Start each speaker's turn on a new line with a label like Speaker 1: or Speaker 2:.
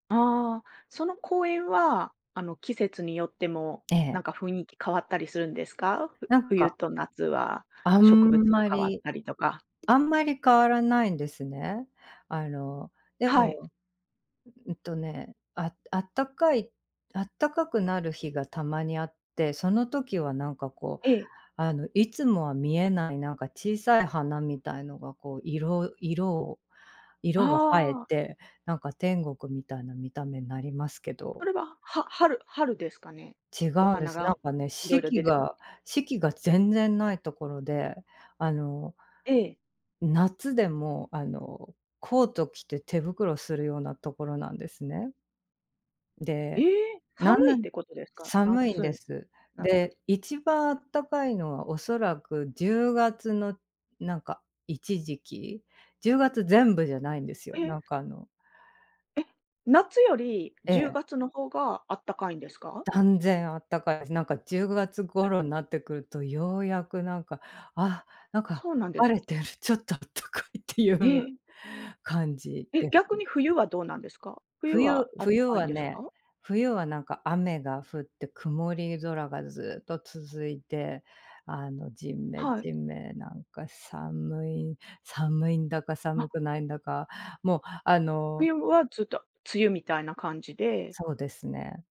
Speaker 1: ああ、その公園は、あの、季節によっても、
Speaker 2: え
Speaker 1: な
Speaker 2: え。
Speaker 1: んか雰囲気変わったりするんですか？ふ
Speaker 2: なん
Speaker 1: 冬
Speaker 2: か
Speaker 1: と夏は
Speaker 2: あん
Speaker 1: 植物が
Speaker 2: ま
Speaker 1: 変わっ
Speaker 2: り
Speaker 1: たりとか。
Speaker 2: あんまり変わらないんですね。あの、で
Speaker 1: はい。
Speaker 2: も、うんとね、ああったかいあったかくなる日がたまにあって、その時はなんかこう、
Speaker 1: ええ。
Speaker 2: あの、いつもは見えない、なんか小さい花みたいのが、こう、色色を色が映え
Speaker 1: ああ。
Speaker 2: て、なんか天国みたいな見た目なりますけ
Speaker 1: そ
Speaker 2: ど。
Speaker 1: れは、は春春ですかね、
Speaker 2: 違
Speaker 1: お
Speaker 2: うんで
Speaker 1: 花
Speaker 2: す。な
Speaker 1: が
Speaker 2: んかね、
Speaker 1: 色
Speaker 2: 四
Speaker 1: 々
Speaker 2: 季
Speaker 1: 出てく
Speaker 2: が四季が全然ないところで、あの
Speaker 1: ええ。
Speaker 2: 夏でもあのコート着て手袋するようなところなんですね。
Speaker 1: え
Speaker 2: で
Speaker 1: え！
Speaker 2: な
Speaker 1: 寒い
Speaker 2: ぬ
Speaker 1: っ
Speaker 2: ん、
Speaker 1: て事ですか？な
Speaker 2: 寒いん
Speaker 1: つ
Speaker 2: で
Speaker 1: ん、
Speaker 2: す。
Speaker 1: 夏
Speaker 2: で、一番あったかいのは、恐らく10月の、なんか、一時期、10月全部じゃないんですよ、
Speaker 1: え！
Speaker 2: なんか、あの
Speaker 1: え！夏より
Speaker 2: え
Speaker 1: じゅう
Speaker 2: え。
Speaker 1: がつの方があったかいんですか？
Speaker 2: 断然あったかいす、なんか10月
Speaker 1: え。
Speaker 2: 頃なってくると、ようやくなんか、「あ、なんか、
Speaker 1: そうなんです。
Speaker 2: 晴れてる、ちょっとあったかい」って言
Speaker 1: え
Speaker 2: う
Speaker 1: え。
Speaker 2: 感じ
Speaker 1: え、
Speaker 2: です。
Speaker 1: 逆に冬はどうなんですか？冬
Speaker 2: 冬
Speaker 1: はあった
Speaker 2: 冬
Speaker 1: かいん
Speaker 2: は
Speaker 1: です
Speaker 2: ね、
Speaker 1: か？
Speaker 2: 冬はなんか、雨が降って曇り空がずっと続いて、あの、ジメ
Speaker 1: はい。
Speaker 2: ジメなんか寒い、寒いんだか、
Speaker 1: あ。
Speaker 2: 寒くないんだか、もう、あの
Speaker 1: 冬は、ずっと梅雨みたいな感じで
Speaker 2: そうですね。